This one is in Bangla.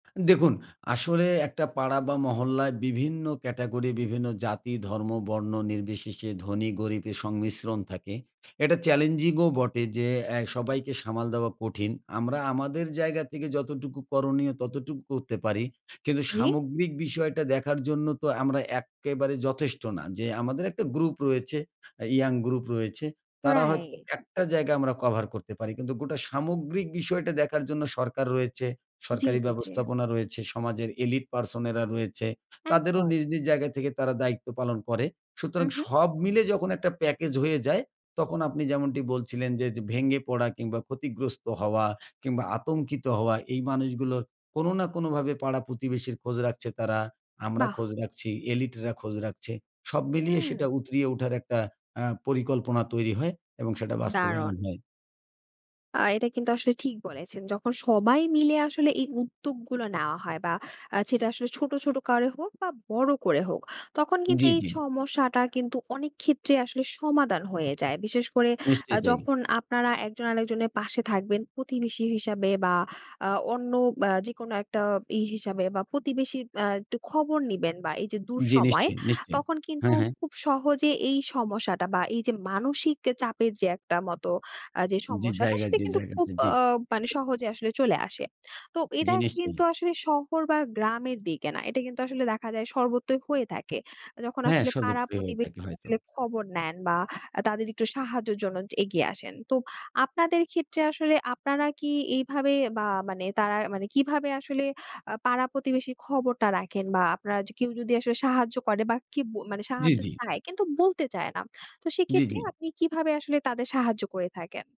দেখুন, আসলে একটা পাড়া বা মহল্লায় বিভিন্ন ক্যাটেগরি, বিভিন্ন জাতি, ধর্ম, বর্ণ নির্বিশেষে ধনী, গরিবের সংমিশ্রণ থাকে। এটা চ্যালেঞ্জিং ও বটে যে, এ্যা সবাইকে সামাল দেওয়া কঠিন। আমরা আমাদের জায়গা থেকে যতটুকু করণীয়, ততটুকু করতে পারি। কিন্তু জ্বী? সামগ্রিক বিষয়টা দেখার জন্য তো আমরা এক্কেবারে যথেষ্ট না। যে আমাদের একটা গ্রুপ রয়েছে, আ ইয়ং গ্রুপ রয়েছে। তারা হয়তো রাইট। একটা জায়গায় আমরা কভার করতে পারি। কিন্তু গোটা সামগ্রিক বিষয়টা জন্য সরকার রয়েছে। জ্বী, সরকারি জ্বী, জ্বী। ব্যবস্থাপনা রয়েছে, সমাজের elite person এরা রয়েছে। তাদেরও একদম। নিজ, নিজ জায়গা থেকে তারা দায়িত্ব পালন করে। হু, সুতরাং হুম। সব মিলে যখন একটা প্যাকেজ হয়ে যায়, তখন আপনি যেমনটি বলছিলেন যে, ভেঙে পড়া, কিংবা ক্ষতিগ্রস্ত হওয়া কিংবা আতঙ্কিত হওয়া, এই মানুষগুলো কোন না কোনভাবে পাড়া প্রতিবেশীর খোঁজ রাখছে তারা। আমরা বাহ। খোঁজ রাখছি, এলিটরা খোঁজ রাখছে। সব মিলিয়ে হুম। সেটা উতরিয়ে উঠার একটা আ পরিকল্পনা তৈরি হয় এবং সেটা বাস্তবায়ন দারুণ। হয়। আ এটা কিন্তু আসলে ঠিক বলেছেন। যখন সবাই মিলে আসলে এই উদ্যোগগুলো নেওয়া হয়, বা সেটা আসলে ছোট, ছোট, করে হোক বা বড় করে হোক, তখন কিন্তু জ্বী, এই জ্বী। সমস্যাটা কিন্তু অনেক ক্ষেত্রে আসলে, সমাধান হয়ে যায়। বিশেষ করে, আ নিশ্চয়ই তাই। যখন আপনারা একজন আরেকজনের পাশে থাকবেন, প্রতিবেশী হিসাবে, বা অন্য যেকোনো একটা ইয়ে হিসাবে বা প্রতিবেশীর আ একটু খবর নিবেন বা এই যে জ্বী। দুঃসময়, নিশ্চয়ই, নিশ্চয়ই। তখন কিন্তু হ্যাঁ, হ্যাঁ। খুব সহজে এই সমস্যাটা বা এই যে মানসিক যে চাপের যে একটা মতো আ যে জ্বী, যে সমস্যাটা, জায়গা, সেটা যে কিন্তু খুব জায়গাতে, অ জ্বী। মানে সহজে আসলে চলে আসে। তো এটা জ্বী। কিন্তু নিশ্চয়ই। আসলে, শহর বা গ্রামের দিকে না। এটা কিন্তু আসলে দেখা যায় সর্বত্রই হয়ে থাকে। যখন হ্যাঁ, আসলে পাড়া সর্বত্রই হয়ে থাকে, প্রতিবেশীরা হয়তো। আসলে খবর নেন, বা তাদের একটু সাহায্যের জন্য এগিয়ে আসেন। তো, আপনাদের ক্ষেত্রে আসলে আপনারা কি, এইভাবে বা মানে, তারা মানে কিভাবে আসলে, আ পাড়া প্রতিবেশীর খবরটা রাখেন বা আপনারা কেউ যদি আসলে সাহায্য করে বা কি জ্বী, সাহায্য জ্বী। চায়, কিন্তু বলতে চায় না। তো জ্বী, সেক্ষেত্রে, জ্বী। আপনি কিভাবে আসলে তাদের সাহায্য করে থাকেন?